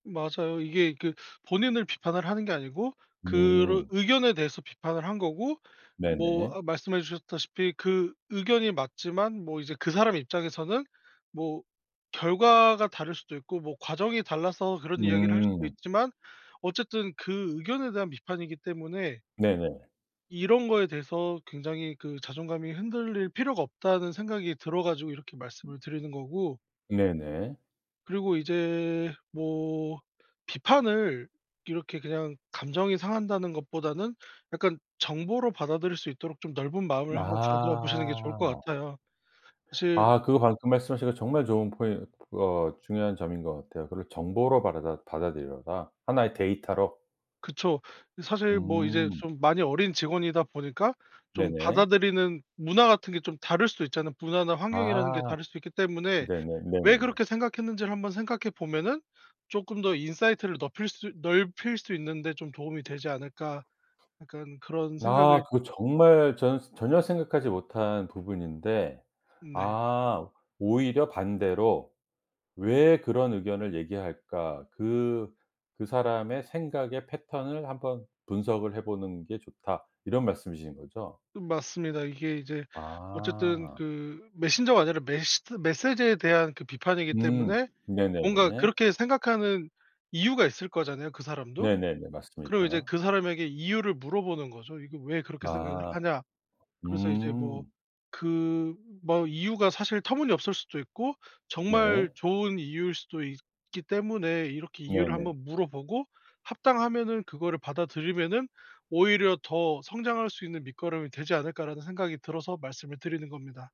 맞아요. 이게 그 본인을 비판을 하는 게 아니고 그런 음. 의견에 대해서 비판을 한 거고 뭐 네네. 아 말씀해 주셨다시피 그 의견이 맞지만 뭐 이제 그 사람 입장에서는 뭐 결과가 다를 수도 있고 뭐 과정이 달라서 그런 이야기를 할 수도 음. 있지만 어쨌든 그 의견에 대한 비판이기 때문에 네네. 이런 거에 대해서 굉장히 그 '자존감이 흔들릴 필요가 없다.'는 생각이 들어 가지고 이렇게 말씀을 드리는 거고 네네. 그리고 이제 뭐 비판을 이렇게 그냥 감정이 상한다는 것보다는 약간 정보로 받아들일 수 있도록 좀 넓은 마음을 한번 가져 보시는 게 좋을 것 아. 같아요. 사실 아 그거 방금 말씀하신 거 정말 좋은 포인 어 중요한 점인 것 같아요. 그리고 정보로 받아라 받아들여라. 1 의 데이터로. 그쵸. 사실 뭐 이제 음. 좀 많이 어린 직원이다 보니까 좀 네네. 받아들이는 문화 같은 게 좀 다를 수도 있잖아요. 문화나 환경이라는 게 아. 다를 수 있기 때문에 네네. 왜 네네네. 그렇게 생각했는지를 한번 생각해 보면은 조금 더 '인사이트를 넙힐 수 넓힐 수 있는 데 좀 도움이 되지 않을까.' 약간 그런 아 생각을 그거 정말 저는 전혀 생각하지 못한 부분인데 네. 아 오히려 반대로 왜 그런 의견을 얘기할까? "그 그 사람의 생각의 패턴을 한번 분석을 해보는 게 좋다." 이런 말씀이신 거죠? 맞습니다. 이게 이제 어쨌든 아. 그 메신저가 아니라 메시드 메시지에 대한 그 비판이기 음 때문에 뭔가 네네네. 그렇게 생각하는 이유가 있을 거잖아요 그 사람도. 네네네. 그럼 이제 맞습니다. 그 사람에게 이유를 물어보는 거죠. "이거 왜 그렇게 생각을 아 하냐?" 그래서 이제 뭐 음. 그 뭐 이유가 사실 터무니없을 수도 있고 정말 네. 좋은 이유일 수도 있기 때문에 이렇게 이유를 네네. 한번 물어보고 합당하면은 그거를 받아들이면은 '오히려 더 성장할 수 있는 밑거름이 되지 않을까.'라는 생각이 들어서 말씀을 드리는 겁니다.